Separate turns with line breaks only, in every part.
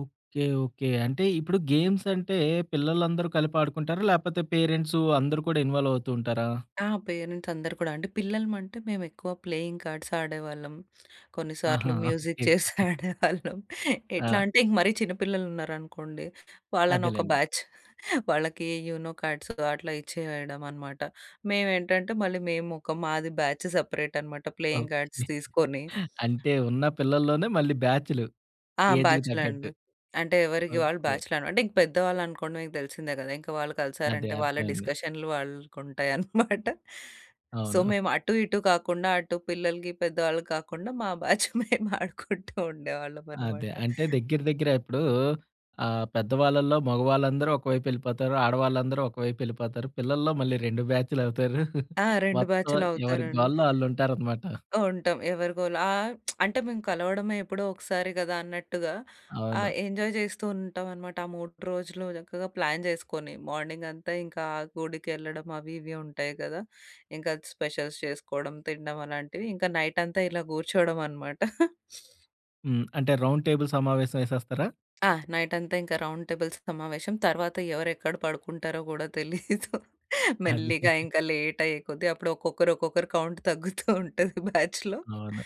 Okay. Okay. అంటే ఇప్పుడు గేమ్సంటే పిల్లలందరూ కలిపాడుకుంటారా? లేపోతే పేరెంట్సు అందరూ కూడా ఇన్వాల్వ్ అవుతూ ఉంటారా?
ఆ! పేరెంట్సందరూ కూడా అండి. పిల్లలమంటే మేమెక్కువ ప్లేయింగ్ కార్డ్స్ ఆడేవాళ్ళం.
ఆహా!
కొన్నిసార్లు మ్యూజిక్
ఓకే.
Chairs
okay.
ఆడేవాళ్ళం. ఎట్లా
ఆ!
అంటే ఇంక మరీ చిన్నపిల్లలున్నారనుకోండి వాళ్ళనొక
అదేలెండి.
బ్యాచ్. వాళ్ళకి యూనో కార్డ్స్ అట్లా ఇచ్చేయడమనమాట. మేమేంటంటే మళ్ళీ మేమొక మాది బ్యాచ్ సెపరేటనమాట ప్లేయింగ్
ఓకే.
కార్డ్స్ తీసుకొని
అంటే ఉన్న పిల్లల్లోనే మళ్ళీ బ్యాచులు
ఆ!
ఏజ్‌కి
బ్యాచ్‌లే అండి.
తగ్గట్టు.
అంటే ఎవరికి వాళ్ళు
ఓకే.
బ్యాచ్‌లే అన అంటే ఇంకా పెద్దవాళ్ళనుకోండి మీకు దెలిసిందే గదా! ఇంకా వాళ్ళు
అదే.
కలిసారంటే వాళ్ళ
అర్థమైంది.
డిస్కషనులు వాళ్ళకుంటాయన్నమాట. సో
అవును.
మేము అటు ఇటు కాకుండా అటు పిల్లలకి, పెద్దవాళ్ళకి కాకుండా మా బ్యాచ్ మేము ఆడుకుంటూ
అదే.
ఉండేవాళ్ళమన్నమాట.
అంటే దగ్గర దగ్గర ఇప్పుడూ ఆహ్, పెద్దవాళ్ళలో మగవాళ్ళందరూ ఒకవైపెళ్ళిపోతారు. ఆడవాళ్ళందరూ ఒకవైపెళ్ళిపోతారు. పిల్లల్లో మళ్ళీ రెండు బ్యాచులవుతారు.
ఆ! 2
మొత్తం ఎవరి
బ్యాచులవుతారండి.
గోలలో ఆళ్ళుంటారనమాట.
ఉంటాం. ఎవరిగోలా ఆహ్, అంటే మేము కలవడమే ఎప్పుడో ఒకసారి గదా! అన్నట్టుగా
అవును.
ఆహ్, ఎంజాయ్ జేస్తూ ఉంటామనమాట. ఆ 3 రోజులు చక్కగా ప్లాన్ జేసుకొని మార్నింగంతా ఇంకా ఆ గుడికెళ్ళడం అవి ఇవి ఉంటాయి గదా! ఇంకా స్పెషల్స్ చేసుకోవడం, తినడం అలాంటివి ఇంకా నైటంతా ఇలా గూర్చోవడమనమాట.
హ్మ్. అంటే రౌండ్ టేబుల్ సమావేశం యేసేస్తారా?
ఆ! నైటంతా ఇంకా రౌండ్ టేబుల్ సమావేశం. తరువాత ఎవరెక్కడ పడుకుంటారో గూడా తెలీదు.
అదే.
మెల్లిగా ఇంకా లేటయ్యేకొద్ది అప్పుడు ఒక్కొక్కరు ఒక్కొక్కరు కౌంట్ తగ్గుతూ ఉంటది బ్యాచ్‌లో.
అవును.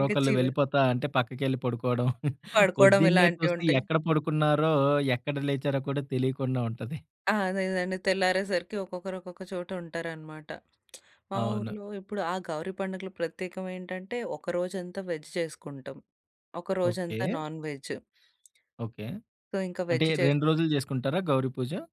ఇంక చివర
వెళ్ళిపోతా అంటే పక్కకెళ్ళి పడుకోవడం.
పడుకోవడం
పొద్దున్నే చూస్తే
ఇలాంటివుంటాయి.
ఎక్కడ పడుకున్నారో, ఎక్కడ లేచారో కూడా తెలియకుండా ఉంటది.
ఆ! అదే. అదేండి తెల్లారేసరికి ఒక్కొక్కరు ఒక్కొక్క చోట ఉంటారనమాట. మా
అవును.
ఊర్లో ఇప్పుడు ఆ గౌరీ పండుగలు ప్రత్యేకం ఏంటంటే ఒక రోజంతా వెజ్ చేసుకుంటాం. ఒక రోజంతా
ఓకే.
నాన్‌వెజ్.
ఓకే.
సో ఇంకా
అంటే
వెజ్ చేస్
2 రోజులు జేసుకుంటారా గౌరీ పూజ?